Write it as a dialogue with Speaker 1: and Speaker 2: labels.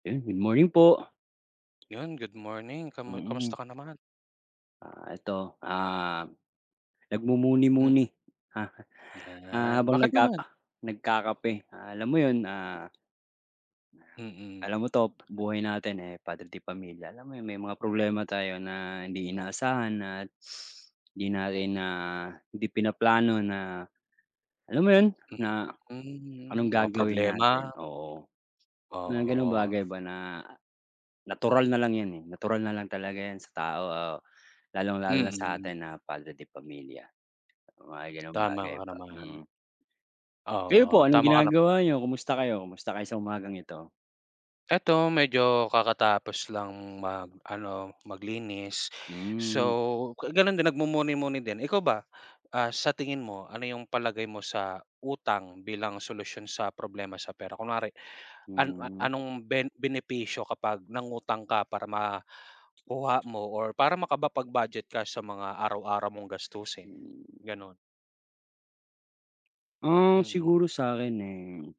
Speaker 1: Yun, good morning po.
Speaker 2: Yun, good morning. Kamu
Speaker 1: Mm.
Speaker 2: kamusta ka naman?
Speaker 1: Ah, 'eto, ah,
Speaker 2: Mm.
Speaker 1: nagmumuni-muni, ah,
Speaker 2: 'Yan.
Speaker 1: habang
Speaker 2: Bakit naman?
Speaker 1: nagkaka nagkakape. Ah, alam mo yun, ah
Speaker 2: Mm.
Speaker 1: Alam mo 'to buhay natin, eh, padre de pamilya alam mo yung may mga problema tayo na hindi inaasahan at hindi natin na hindi pinaplano na alam mo yun,
Speaker 2: Mm.
Speaker 1: na anong
Speaker 2: Mm, mga
Speaker 1: gagawin
Speaker 2: problema.
Speaker 1: natin oo. Mga gano'ng
Speaker 2: Oo.
Speaker 1: bagay ba na natural na lang yun, eh, natural nalang talaga 'yan sa tao o lalong-lalo na
Speaker 2: Mm.
Speaker 1: sa'tin na padre de pamilya. Mga gano'ng
Speaker 2: Tama
Speaker 1: bagay
Speaker 2: ka
Speaker 1: ba.
Speaker 2: naman.
Speaker 1: Mm. Kayo po
Speaker 2: Oo,
Speaker 1: anong
Speaker 2: tama ka naman.
Speaker 1: ginagawa niyo? Kumusta kayo? Kumusta kayo sa umagang ito?
Speaker 2: 'Eto medyo kakatapos lang mag ano, maglinis
Speaker 1: Hmm.
Speaker 2: so ga ganun din nagmumuni-muni din. Ikaw ba, ah, sa tingin mo ano yung palagay mo sa utang bilang solusyon sa problema sa pera? Kunwari an a
Speaker 1: Mm.
Speaker 2: anong ben benepisyo kapag nangutang ka para makuha mo or para makapag-budget ka sa mga araw-araw mong gastusin?
Speaker 1: Hmm.
Speaker 2: Gano'n.
Speaker 1: Ah,
Speaker 2: Mm.
Speaker 1: siguro sa'kin eh